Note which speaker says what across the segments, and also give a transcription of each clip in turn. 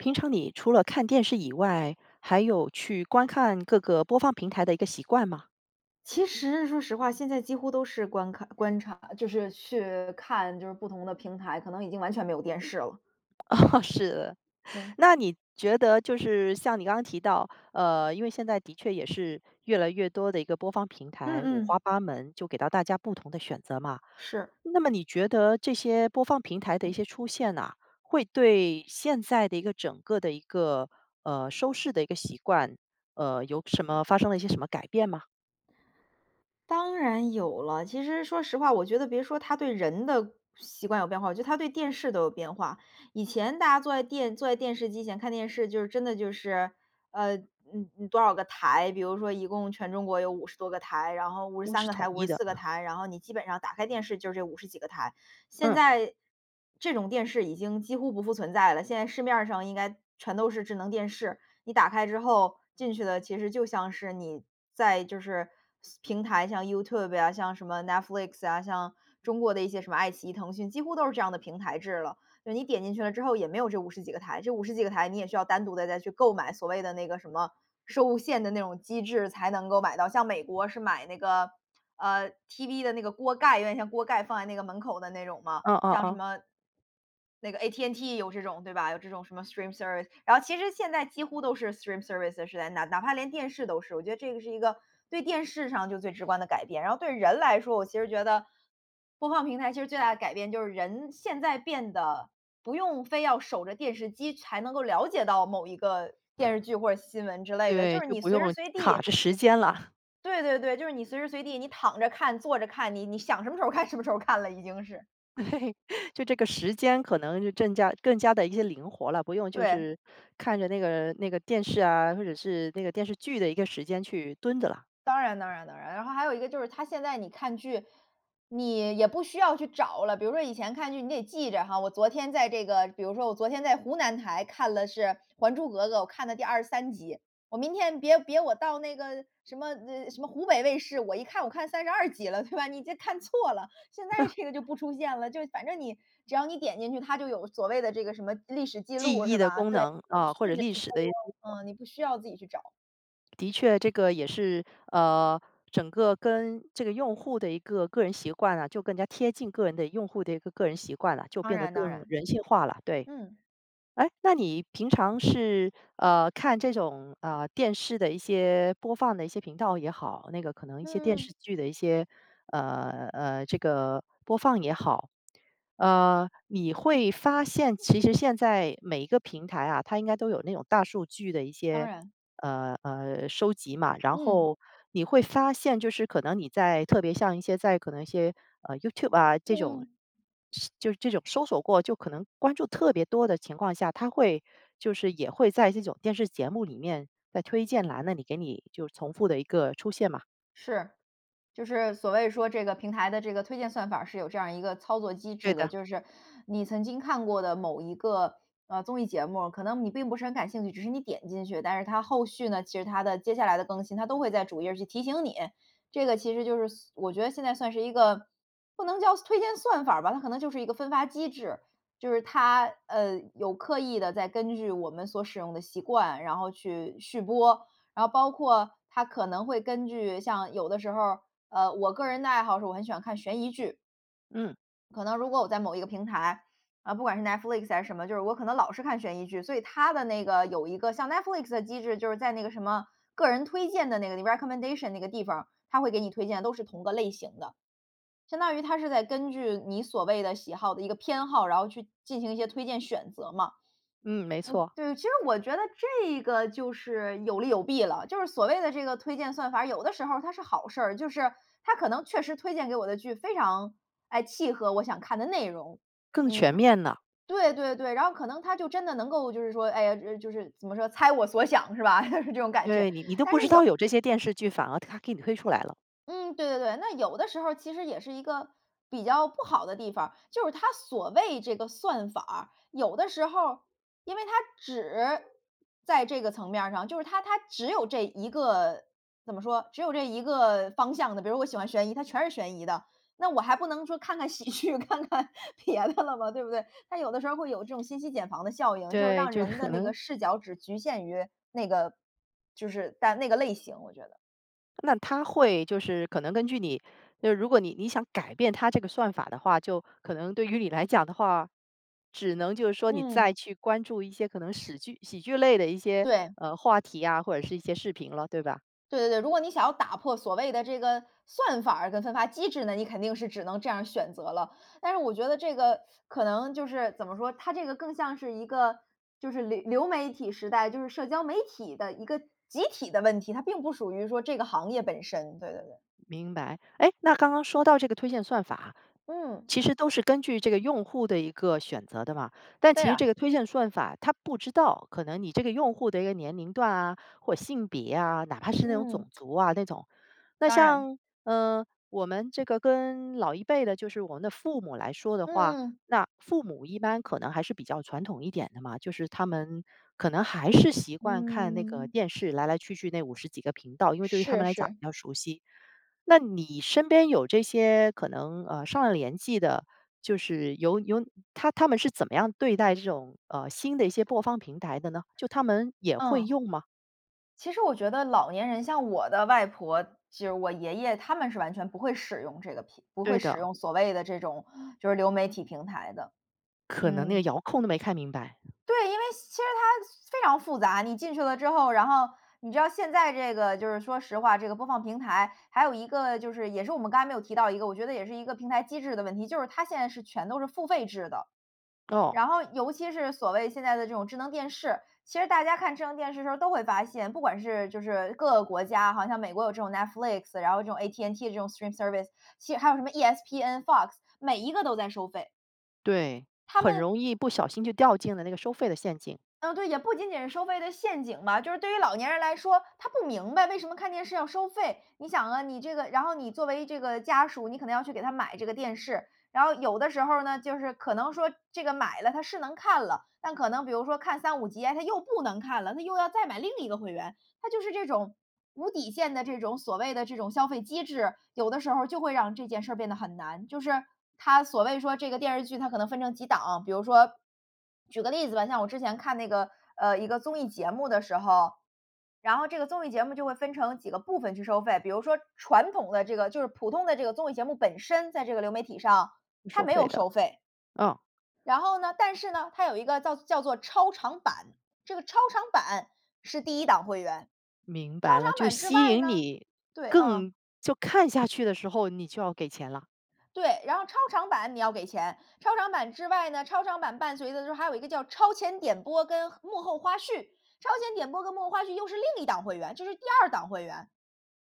Speaker 1: 平常你除了看电视以外，还有去观看各个播放平台的一个习惯吗？
Speaker 2: 其实说实话，现在几乎都是观看观察，呃，就是去看就是不同的平台，可能已经完全没有电视了。
Speaker 1: 哦，是的。
Speaker 2: 对。
Speaker 1: 那你觉得就是像你刚刚提到，呃，因为现在的确也是越来越多的一个播放平
Speaker 2: 嗯
Speaker 1: 台，五花
Speaker 2: 嗯。
Speaker 1: 八门就给到大家不同的选择嘛。
Speaker 2: 是。
Speaker 1: 那么你觉得这些播放平台的一些出现呐，会对现在的一个整个的一个，呃，收视的一个习惯，呃，有什么发生了一些什么改变吗？
Speaker 2: 当然有了，其实说实话，我觉得别说它对人的习惯有变化，我觉得它对电视都有变化。以前大家坐在电坐在电视机前看电视，就是真的就是，呃，嗯，嗯，多少个台，比如说一共全中国有50多个台，然后五十
Speaker 1: 都
Speaker 2: 三
Speaker 1: 是
Speaker 2: 个
Speaker 1: 统
Speaker 2: 台，五
Speaker 1: 一
Speaker 2: 十
Speaker 1: 的。
Speaker 2: 四个台，然后你基本上打开电视就这50几个台。现
Speaker 1: 嗯。
Speaker 2: 在，这种电视已经几乎不复存在了，现在市面儿上应该全都是智能电视，你打开之后进去的，其实就像是你在就是是平台，像 YouTube 呀，像什么 Netflix 呀，像中国的一些什么爱奇艺腾讯几乎都是这样的平台制了。就是你点进去了之后也没有这50几个台，这50几个台你也需要单独地再去购买，所谓的那个什么收线的那种机制才能够买到，像美国是买那个，呃，TV 的那个锅盖，有点像锅盖放在那个门口的那种嘛，
Speaker 1: 哦哦
Speaker 2: 像什
Speaker 1: 哦。
Speaker 2: 么那个 At&T 也有这种对吧？有这种什么 Streamservice，然后其实现在几乎都是 Streamservice 是在那，哪怕连电视都是，我觉得这个是一个对电视上就最直观的改变。然后对人来说，我其实觉得，播放平台其实最大的改变，就是人现在变得不用非要守着电视机才能够了解到某一个电视剧或者新闻之类的，
Speaker 1: 对，
Speaker 2: 就是
Speaker 1: 就
Speaker 2: 你
Speaker 1: 不
Speaker 2: 随时
Speaker 1: 用
Speaker 2: 随
Speaker 1: 卡
Speaker 2: 地
Speaker 1: 着时间了。
Speaker 2: 对对对，就是你随时随地，你躺着看，坐着看，你你想什么时候看什么时候看了，已经是。
Speaker 1: 对，就这个时间可能就正加更加地一些灵活啦，不用就
Speaker 2: 对。
Speaker 1: 是，看着那个那个电视啊，或者是那个电视剧的一个时间去蹲着了。
Speaker 2: 当然当然当然，然后还有一个就是它，现在你看剧，你也不需要去找了。比如说以前看剧你得记着哈，我昨天在这个比如说我昨天在湖南台看了是《还珠格格》，我看了第23集。我明天别别我到那个什么，呃，什么湖北卫视，我一看我看32集了，对吧？你这看错了，现在 这个就不出现了，就是反正你，只要你点进去，它就有所谓的这个什么，历史记
Speaker 1: 记
Speaker 2: 录
Speaker 1: 忆
Speaker 2: 是
Speaker 1: 的
Speaker 2: 吧？
Speaker 1: 功
Speaker 2: 对，
Speaker 1: 能，啊，或
Speaker 2: 顺
Speaker 1: 者
Speaker 2: 着
Speaker 1: 历
Speaker 2: 去
Speaker 1: 史的一
Speaker 2: 播，嗯，你不需要自己去找。
Speaker 1: 的确这个也是，呃，整个跟这个用户的一个个人习惯啊，就更加贴近个人的用户的一个个人习惯啦，就
Speaker 2: 当
Speaker 1: 变得
Speaker 2: 然当
Speaker 1: 更
Speaker 2: 然，
Speaker 1: 人性化啦，对。
Speaker 2: 嗯。
Speaker 1: 诶，那你平常是，呃，看这种，呃，电视的一些播放的一些频道也好，那个可能一些电
Speaker 2: 嗯。
Speaker 1: 视剧的一些，呃呃，这个播放也好，呃，你会发现其实现在每一个平台啊，它应该都有那种大数据的一
Speaker 2: 当
Speaker 1: 些，
Speaker 2: 然。
Speaker 1: 呃，呃，收集嘛，然
Speaker 2: 嗯。
Speaker 1: 后你会发现就是可能你在特别像一些在可能一些，呃，YouTube 啊这
Speaker 2: 嗯
Speaker 1: 种，
Speaker 2: 嗯。
Speaker 1: 是就是这种搜索过就可能关注特别多的情况下，它会就是也会在这种电视节目里面，在推荐栏那里，给你就重复的一个出现吗？
Speaker 2: 是，就是所谓说这个平台的这个推荐算法儿是有这样一个操作机
Speaker 1: 对
Speaker 2: 制的。
Speaker 1: 的。
Speaker 2: 就是你曾经看过的某一个，呃，综艺节目，可能你并不是很感兴趣，只是你点进去，但是它后续呢，其实它的接下来的更新，它都会在主页去提醒你。这个其实就是所我觉得现在算是一个不能叫算推荐算法儿吧，它可能就是一个分发机制。就是它，呃，有刻意地在根据我们所使用的习惯，然后去续播，然后包括它可能会根据像有的时候儿，呃，我个人的爱好是我很喜欢看悬疑剧。
Speaker 1: 嗯。
Speaker 2: 可能如果我在某一个平台，呃，不管是 Netflix，还是什么。就是我可能老是看悬疑剧，所以它的那个，有一个像 Netflix 的机制，就是在那个什么，个人推荐的那个，recommendation 那个地方儿，它会给你推荐的都是同个类型的。相当于它是在根据你所谓的喜好的一个偏好，然后去进行一些推荐选择嘛。
Speaker 1: 嗯，没
Speaker 2: 嗯，
Speaker 1: 错。
Speaker 2: 对，其实我觉得这个就是有利有弊了。就是所谓的这个推荐算法儿，有的时候它是好事儿。就是它可能确实推荐给我的剧非常，哎，契合我想看的内容。
Speaker 1: 更
Speaker 2: 嗯，
Speaker 1: 全
Speaker 2: 它
Speaker 1: 面了。
Speaker 2: 对对对，然后可能它就真的能够就是说，哎呀，呃，就是怎么说，猜我所想是吧，这种感觉，
Speaker 1: 对，你你都
Speaker 2: 但
Speaker 1: 不知
Speaker 2: 是有
Speaker 1: 道有这些电视剧。反而它给你推出来了。
Speaker 2: 嗯，对对对。那有的时候儿其实也是一个比较不好的地方。就是它所谓这个算法儿，有的时候儿因为它只在这个层面儿上，就是它它只有这一个，怎么说，只有这一个方向的。比如我喜欢悬疑，它全是悬疑的。那我还不能说看看喜剧，看看别的了吧。对不对？它有的时候儿会有这种信息茧房的效应，就是
Speaker 1: 对，
Speaker 2: 让
Speaker 1: 就
Speaker 2: 人的
Speaker 1: 可
Speaker 2: 那
Speaker 1: 能
Speaker 2: 个视角只局限于那个就是但那个类型，我觉得。
Speaker 1: 那它会就是可能根据你就是如果你你想改变它这个算法的话，就可能对于你来讲的话，只能就是说你
Speaker 2: 嗯。
Speaker 1: 再去关注一些可能屎剧喜剧类的一些，
Speaker 2: 对。
Speaker 1: 呃，话题啊，或者是一些视频了，对吧？
Speaker 2: 对对对，如果你想要打破所谓的这个算法儿跟分发机制呢，你肯定是只能这样选择了。但是我觉得这个可能就是，怎么说？它这个更像是一个就是流流媒体时代，就是社交媒体的一个集体的问题，它并不属于说这个行业本身，对对对。
Speaker 1: 明白，哎，那刚刚说到这个推荐算法，
Speaker 2: 嗯。
Speaker 1: 其实都是根据这个用户的一个选择的嘛。但
Speaker 2: 对
Speaker 1: 其实
Speaker 2: 啊。
Speaker 1: 这个推荐算法，它不知道可能你这个用户的一个年龄段啊，或性别啊，哪怕是那种种
Speaker 2: 嗯。
Speaker 1: 族啊那种。那
Speaker 2: 当然。
Speaker 1: 像，呃，我们这个跟老一辈的，就是我们的父母来说的话，
Speaker 2: 嗯嗯。
Speaker 1: 那父母一般可能还是比较传统一点的嘛，就是他们可能还是习惯看那个
Speaker 2: 嗯。
Speaker 1: 电视，来来去去那50几个频道，因为对于他
Speaker 2: 是
Speaker 1: 们来讲
Speaker 2: 是。
Speaker 1: 比较熟悉。那你身边有这些可能，呃，上了年纪的，就是有有他他们是怎么样对待这种，呃，新的一些播放平台的呢？就他们也会
Speaker 2: 嗯，
Speaker 1: 用吗？
Speaker 2: 其实我觉得老年人，像我的外婆，就是我爷爷，他们是完全不会使用这个平不会
Speaker 1: 对
Speaker 2: 使
Speaker 1: 的。
Speaker 2: 用所谓的这种就是流媒体平台的，
Speaker 1: 可能那个
Speaker 2: 嗯。
Speaker 1: 遥控没看明白。
Speaker 2: 对，因为其实它非常复杂，你进去了之后，然后你知道现在这个就是说实话，这个播放平台，还有一个就是也是我们刚才没有提到一个，我觉得也是一个平台机制的问题，就是它现在是全都是付费制的。
Speaker 1: 哦。
Speaker 2: 然后尤其是所谓现在的这种智能电视，其实大家看智能电视的时候都会发现，不管是就是各个国家，好像美国有这种 Netflix，然后这种 AT&T 这种 stream service，其实还有什么 ESPN、FOX 每一个都在收费。
Speaker 1: 对，
Speaker 2: 他
Speaker 1: 很
Speaker 2: 们
Speaker 1: 容易不小心就掉进了那个收费的陷阱。
Speaker 2: 呃对，也不仅仅是收费的陷阱吧，就是对于老年人来说，他不明白为什么看电视要收费。你想啊，你这个然后你作为这个家属，你可能要去给他买这个电视，然后有的时候儿呢，就是可能说这个买了它是能看了，但可能比如说看3-5集啊，它又不能看了，它又要再买另一个会员。它就是这种，无底线的这种所谓的这种消费机制，有的时候儿就会让这件事儿变得很难。就是它所谓说这个电视剧它可能分成几档啊，比如说，举个例子吧，像我之前看那个，呃，一个综艺节目的时候，然后这个综艺节目就会分成几个部分去收费，比如说传统的这个就是普通的这个综艺节目本身在这个流媒体上
Speaker 1: 不
Speaker 2: 它
Speaker 1: 收
Speaker 2: 没
Speaker 1: 费
Speaker 2: 有
Speaker 1: 的，
Speaker 2: 收费。
Speaker 1: 嗯。
Speaker 2: 然后呢，但是呢，它有一个叫叫做超长版，这个超长版是第1档会员，
Speaker 1: 明
Speaker 2: 超
Speaker 1: 白了，
Speaker 2: 长
Speaker 1: 就
Speaker 2: 版之
Speaker 1: 吸
Speaker 2: 外
Speaker 1: 引
Speaker 2: 呢，
Speaker 1: 你，
Speaker 2: 对，嗯
Speaker 1: 更就看下去的时候你就要给钱了。
Speaker 2: 对，然后超长版你要给钱，超长版之外呢，超长版伴随的之后，还有一个叫超前点播跟幕后花絮，超前点播跟幕后花絮又是另一档会员，这是第2档会员。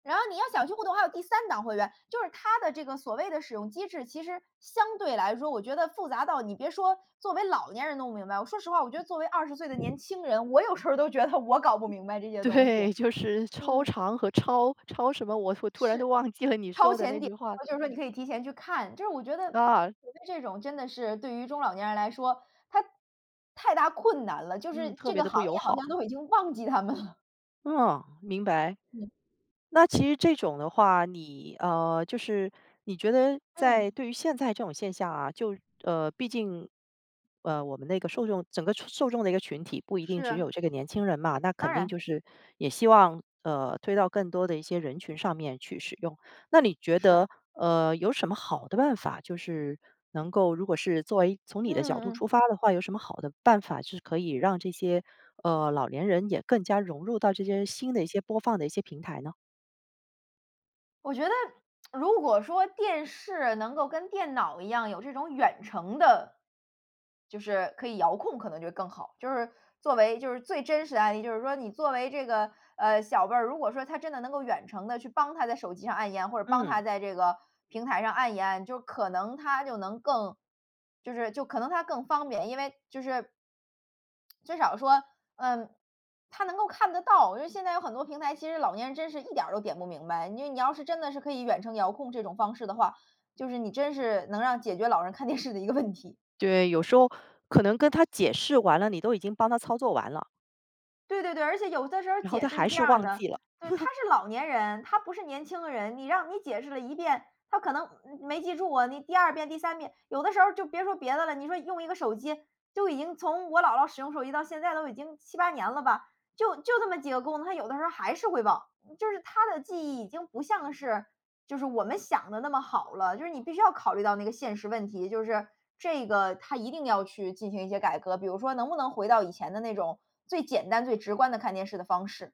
Speaker 2: 然后你要想去互动，还有第3档会员。就是它的这个所谓的使用机制，其实相对来说，我觉得复杂到，你别说作为老年人弄不明白，我说实话我觉得作为20岁的年轻人，我有时候都觉得我搞不明白这些东西，
Speaker 1: 对，就是超
Speaker 2: 嗯。
Speaker 1: 长和超，超什么？我突突然都
Speaker 2: 是，
Speaker 1: 忘记了你
Speaker 2: 超
Speaker 1: 说的
Speaker 2: 前
Speaker 1: 那
Speaker 2: 点
Speaker 1: 句话。
Speaker 2: 播就是说你可以提前去看，就是我觉得，觉
Speaker 1: 啊。
Speaker 2: 得这种真的是对于中老年人来说，它太大困难了，就
Speaker 1: 嗯，
Speaker 2: 是
Speaker 1: 特
Speaker 2: 这
Speaker 1: 别
Speaker 2: 个
Speaker 1: 地
Speaker 2: 行
Speaker 1: 不友
Speaker 2: 业好像
Speaker 1: 好。
Speaker 2: 都已经忘记他们了。
Speaker 1: 哦，明白。
Speaker 2: 嗯。
Speaker 1: 那其实这种的话，你，呃，就是你觉得在
Speaker 2: 嗯。
Speaker 1: 对于现在这种现象啊，就，呃，毕竟，呃，我们那个受众整个受受众的一个群体不一定
Speaker 2: 是
Speaker 1: 只
Speaker 2: 啊。
Speaker 1: 有这个年轻人嘛，那肯
Speaker 2: 当
Speaker 1: 定
Speaker 2: 然。
Speaker 1: 就是也希望，呃，推到更多的一些人群上面去使用。那你觉
Speaker 2: 是。
Speaker 1: 得，呃，有什么好的办法，就是能够，如果是作为，从
Speaker 2: 嗯
Speaker 1: 你的角
Speaker 2: 嗯
Speaker 1: 度
Speaker 2: 嗯。
Speaker 1: 出发的话，有什么好的办法，是可以让这些，呃，老年人也更加融入到这些新的一些播放的一些平台呢？
Speaker 2: 我觉得，如果说电视能够跟电脑一样有这种远程的，就是可以遥控可能就会更好。就是，作为就是最真实的案例。就是说你作为这个，呃，小辈儿，如果说他真的能够远程地去帮他在手机上按一按，或者帮
Speaker 1: 嗯。
Speaker 2: 他在这个平台上按一按，就可能他就能更，就是就可能它更方便。因为就是，至少说，嗯，他能够看得到。因为现在有很多平台，其实老年人真是一点儿都点不明白。你就你要是真的是可以远程遥控这种方式的话，就是你真是能让解决老人看电视的一个问题。
Speaker 1: 对，有时候可能跟他解释完了，你都已经帮他操作完了。
Speaker 2: 对对对，而且有的时候
Speaker 1: 然后
Speaker 2: 解
Speaker 1: 他
Speaker 2: 释是
Speaker 1: 还
Speaker 2: 这
Speaker 1: 是
Speaker 2: 样儿
Speaker 1: 忘
Speaker 2: 的，
Speaker 1: 记了。
Speaker 2: 对，他 是老年人，他不是年轻的人，你让你解释了一遍，他可能，嗯，没记住啊。你第2遍第三遍，有的时候儿就别说别的了，你说用一个手机就已经，从我姥姥使用手机到现在都已经7-8年了吧，就就这么几个功能，她有的时候儿还是会忘，嗯，就是她的记忆已经不像是，就是我们想得那么好了，就是你必须要考虑到那个现实问题，就是，这个它一定要去进行一些改革，比如说能不能回到以前的那种，最简单最直观的看电视的方式。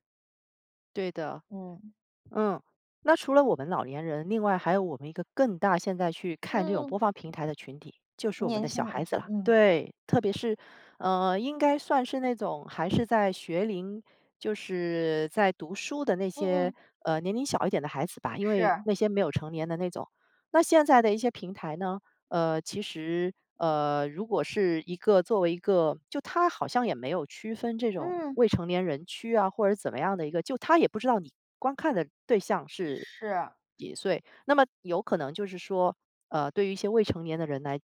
Speaker 1: 对的，
Speaker 2: 嗯。
Speaker 1: 嗯。那 除了我们老年人，另外还有我们一个更大现在去
Speaker 2: 嗯
Speaker 1: 看这种
Speaker 2: 嗯。
Speaker 1: 播放平台的群体，就是我们
Speaker 2: 年
Speaker 1: 的小
Speaker 2: 轻人，
Speaker 1: 孩子 啦。
Speaker 2: 嗯。
Speaker 1: 对，特别是，呃，应该算是那种还是在学龄，就是在读书的那
Speaker 2: 嗯
Speaker 1: 些，
Speaker 2: 嗯。
Speaker 1: 呃，年龄小一点的孩子吧，因为
Speaker 2: 是。
Speaker 1: 那些没有成年的那种。那现在的一些平台呢，呃，其实，呃，如果是一个作为一个就它好像也没有区分这种
Speaker 2: 嗯。
Speaker 1: 未成年人区啊，或者怎么样的一个，就它也不知道你观看的对象是
Speaker 2: 是。
Speaker 1: 几岁。那么有可能就是说，呃，对于一些未成年的人来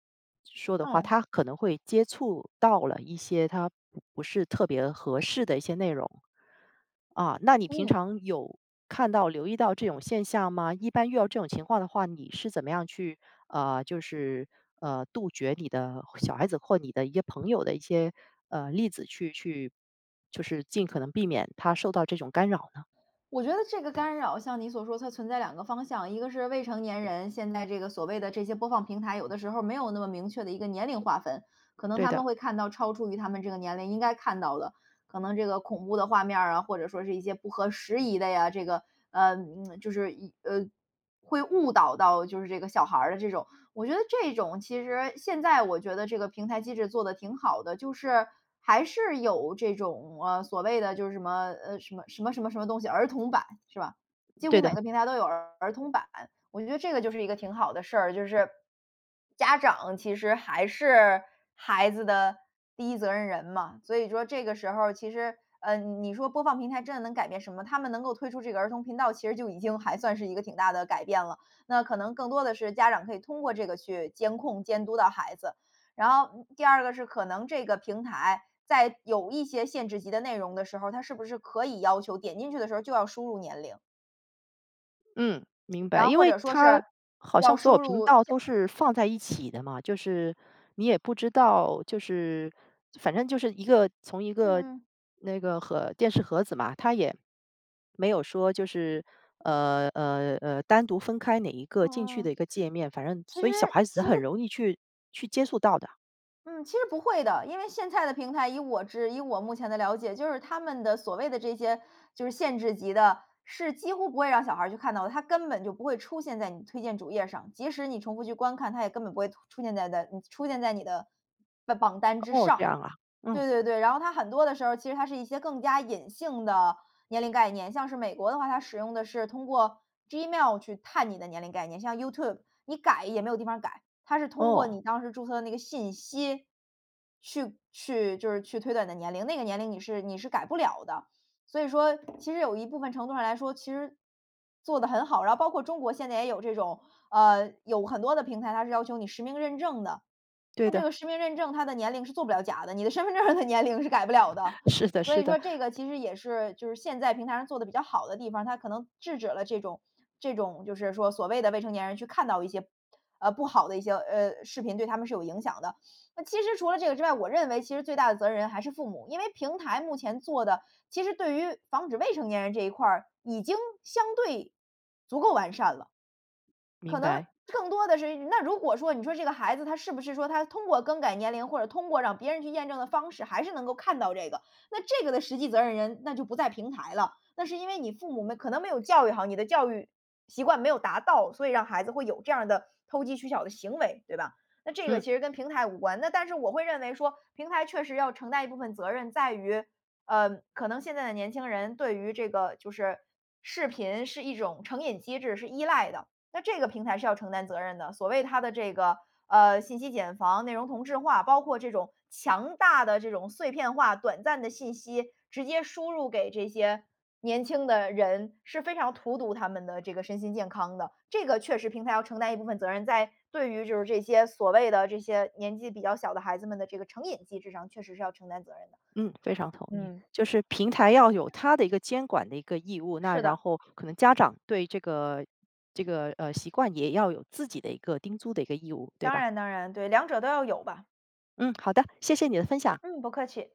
Speaker 1: 说的话，
Speaker 2: 嗯。
Speaker 1: 他可能会接触到了一些，他不不是特别合适的一些内容。啊，那你平
Speaker 2: 嗯。
Speaker 1: 常有，看到、留意到这种现象吗？一般遇到这种情况的话，你是怎么样去，呃，就是，呃，杜绝你的小孩子，或你的一些朋友的一些，呃，例子去去，就是尽可能避免他受到这种干扰呢？
Speaker 2: 我觉得这个干扰像你所说，它存在两个方向，一个是未成年人，现在这个所谓的这些播放平台，有的时候儿没有那么明确的一个年龄划分。可能
Speaker 1: 对
Speaker 2: 他
Speaker 1: 的。
Speaker 2: 们会看到超出于他们这个年龄应该看到的，可能这个恐怖的画面儿啊，或者说是一些不合时宜的呀，这个，呃，就是，一呃，会误导到就是这个小孩儿的这种。我觉得这种其实现在我觉得这个平台机制做得挺好的，就是还是有这种，呃，所谓的就是什么，呃，什么什么什么什么东西儿童版，是吧？几
Speaker 1: 对
Speaker 2: 乎
Speaker 1: 的。
Speaker 2: 每个平台都有儿童版，我觉得这个就是一个挺好的事儿，就是家长，其实还是孩子的第一责任人嘛。所以就说这个时候儿其实，嗯，你说播放平台真的能改变什么？他们能够推出这个儿童频道，其实就已经还算是一个挺大的改变了。那可能更多的是家长可以通过这个，去监控监督到孩子。然后，嗯，第二个是可能这个平台在有一些限制级的内容的时候儿，它是不是可以要求点进去的时候就要输入年龄。
Speaker 1: 嗯，明
Speaker 2: 然
Speaker 1: 白，
Speaker 2: 后
Speaker 1: 因
Speaker 2: 或
Speaker 1: 为
Speaker 2: 者说
Speaker 1: 它，
Speaker 2: 是，
Speaker 1: 好
Speaker 2: 要
Speaker 1: 像所有
Speaker 2: 输
Speaker 1: 频
Speaker 2: 入，
Speaker 1: 道
Speaker 2: 下
Speaker 1: 都是放在一起的嘛。就是，你也不知道就是，反正就是一个从一
Speaker 2: 嗯
Speaker 1: 个，
Speaker 2: 嗯。
Speaker 1: 那个盒电视盒子嘛。它也，没有说就是，呃，呃，呃，单独分开哪一
Speaker 2: 嗯嗯
Speaker 1: 个进去的
Speaker 2: 嗯，
Speaker 1: 一个界面，反正
Speaker 2: 其
Speaker 1: 所
Speaker 2: 实
Speaker 1: 以小孩子
Speaker 2: 其实
Speaker 1: 很容易去去接触到的。
Speaker 2: 嗯，其实不会的，因为现在的平台，以我之以我目前的了解，就是它们的所谓的这些就是限制级的，是几乎不会让小孩儿去看到。它根本就不会出现在你推荐主页儿上，即使你重复去观看，它也根本不会吐出现在的嗯，出现在你的吧榜单之
Speaker 1: 哦，这
Speaker 2: 上。
Speaker 1: 样啊，嗯。
Speaker 2: 对对对，然后它很多的时候儿，其实它是一些更加隐性的年龄概念，像是美国的话，它使用的是通过 Gmail 去探你的年龄概念。像 YouTube，你改也没有地方儿改，它是通过
Speaker 1: 哦。
Speaker 2: 你当时注册的那个信息，去去就是去推断你的年龄，那个年龄你是你是改不了的。所以说，其实有一部分程度上来说，其实做得很好。然后包括中国现在也有这种，呃，有很多的平台，它是要求你实名认证的。
Speaker 1: 对
Speaker 2: 那这
Speaker 1: 的。
Speaker 2: 个实名认证，它的年龄是做不了假的，你的身份证儿的年龄是改不了的。
Speaker 1: 是的
Speaker 2: 所
Speaker 1: 是
Speaker 2: 以
Speaker 1: 的。
Speaker 2: 说这个其实也是，就是现在平台上做得比较好的地方儿，它可能制止了这种这种就是说所谓的未成年人去看到一些 呃，不好的一些，呃，视频对他们是有影响的。那其实除了这个之外，我认为其实最大的责任人还是父母，因为平台目前做的，其实对于防止未成年人这一块儿，已经相对足够完善了。可
Speaker 1: 明
Speaker 2: 能
Speaker 1: 白。
Speaker 2: 更多的是那如果说，你说这个孩子他是不是说他通过更改年龄或者通过让别人去验证的方式，还是能够看到这个，那这个的实际责任人，那就不在平台了，那是因为你父母们可能没有教育好，你的教育，习惯没有达到，所以让孩子会有这样儿的投机取巧的行为，对吧？那这个
Speaker 1: 嗯。
Speaker 2: 其实跟平台无关，那但是我会认为说，平台确实要承担一部分责任在于，呃，可能现在的年轻人对于这个，就是，视频是一种成瘾机制，是依赖的。那这个平台是要承担责任的，所谓它的这个，呃，信息茧房、内容同质化，包括这种强大的这种碎片化短暂的信息，直接输入给这些年轻的人，是非常荼毒他们的这个身心健康的。这个确实平台要承担一部分责任，在对于就是这些所谓的，这些年纪比较小的孩子们的这个成瘾机制上，确实是要承担责任的。
Speaker 1: 嗯，非常同意。
Speaker 2: 嗯。
Speaker 1: 就是平台要有它的一个监管的一个义务，那
Speaker 2: 是
Speaker 1: 然
Speaker 2: 的。
Speaker 1: 后，可能家长对这个这个，呃，习惯也要有自己的一个叮嘱的一个义务，对
Speaker 2: 当
Speaker 1: 吧？
Speaker 2: 然当然，对，两者都要有吧。
Speaker 1: 嗯，好的，谢谢你的分享。
Speaker 2: 嗯，不客气。